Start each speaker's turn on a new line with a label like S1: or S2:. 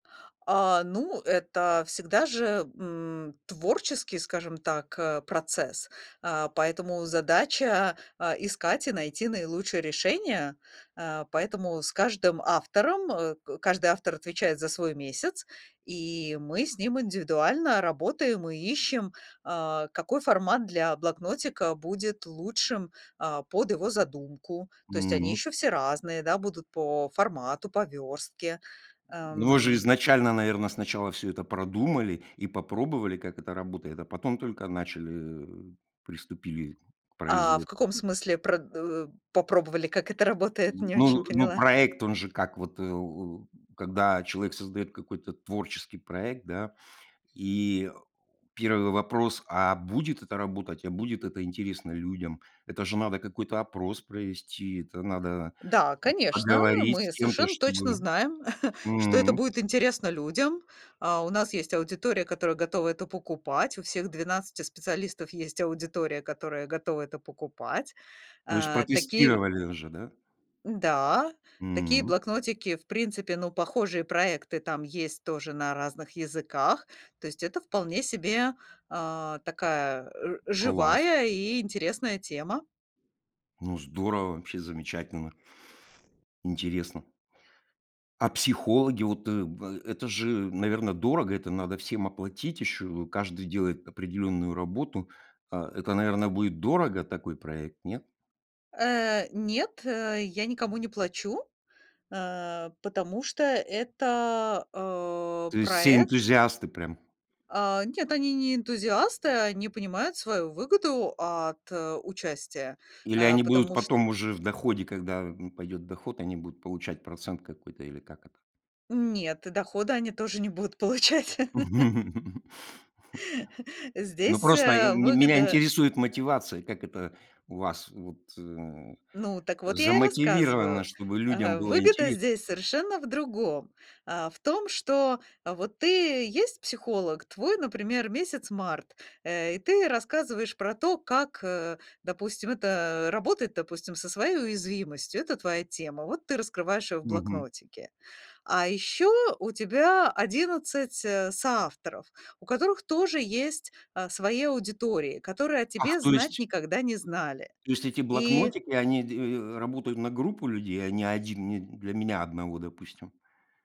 S1: А, ну, это всегда же, м, творческий, скажем так, э, процесс, а, поэтому задача, а, искать и найти наилучшее решение. А, поэтому с каждым автором э, каждый автор отвечает за свой месяц, и мы с ним индивидуально работаем и ищем, а, какой формат для блокнотика будет лучшим, а, под его задумку. То есть они
S2: М.
S1: еще все разные, да, будут по формату, по верстке.
S2: Но вы же
S1: Ам
S2: изначально, наверное, сначала всё это продумали и попробовали, как это работает, а потом только начали э, приступили к
S1: А в
S2: производству.
S1: каком смысле прод э, попробовали, как это работает, не очень
S2: Ну ну
S1: поняла?
S2: проект он же как вот, э, о, когда человек создает какой-то творческий проект, да, и 1 вопрос: а будет это работать, а будет это интересно людям? Это же надо какой-то опрос провести, это надо, м,
S1: Да, конечно,
S2: поговорить с
S1: мы
S2: кем-то
S1: совершенно точно
S2: чтобы
S1: знаем, что это
S2: М.
S1: будет интересно людям. А, у нас есть аудитория, которая готова это покупать. У всех 12 специалистов есть аудитория, которая готова это покупать.
S2: То есть
S1: А, такие
S2: протестировали уже, да?
S1: да, такие
S2: М.
S1: блокнотики, в принципе ну похожие проекты там есть тоже на разных языках. То есть это вполне себе, а, такая, э,
S2: Класс!
S1: живая и интересная тема.
S2: Ну здорово, вообще замечательно. Интересно. А психологи? Вот, э, в это же, наверное, дорого. Это надо всем оплатить еще. Каждый делает определенную работу. А, это, наверное, будет дорого такой проект, нет?
S1: Э, нет, э, я никому не плачу, а потому что это, а,
S2: То есть все
S1: проект
S2: энтузиасты прям?
S1: А, нет, они не энтузиасты, они понимают свою выгоду от, э, участия,
S2: Или
S1: а,
S2: они будут
S1: потому чт
S2: потом уже в доходе, когда, м, пойдет доход, они будут получать процент какой-то или как это?
S1: Нет, и дохода они тоже не будут получать.
S2: Ну
S1: Здесь,
S2: просто, э,
S1: э,
S2: меня
S1: выгода, э
S2: интересует мотивация. Как это у вас вот, э,
S1: Ну так вот я и
S2: замотивировано
S1: рассказываю.
S2: чтобы людям
S1: А,
S2: было
S1: выгода
S2: интере
S1: здесь совершенно в другом. А, в том, что, а, вот ты есть психолог, твой, например, месяц март, э, и ты рассказываешь про то, как, э, допустим, это работать, допустим, со своей уязвимостью. Это твоя тема. Вот ты раскрываешь её в
S2: Мгм.
S1: блокнотике. А ещё у тебя 11, э, соавторов, у которых тоже есть, а, свои аудитории, которые о
S2: Ах,
S1: тебе
S2: то
S1: знать
S2: есть
S1: никогда не знали.
S2: Есть эти
S1: И
S2: блокнотики, они де э, работают на группу людей, а не 1 не для меня одного, допустим?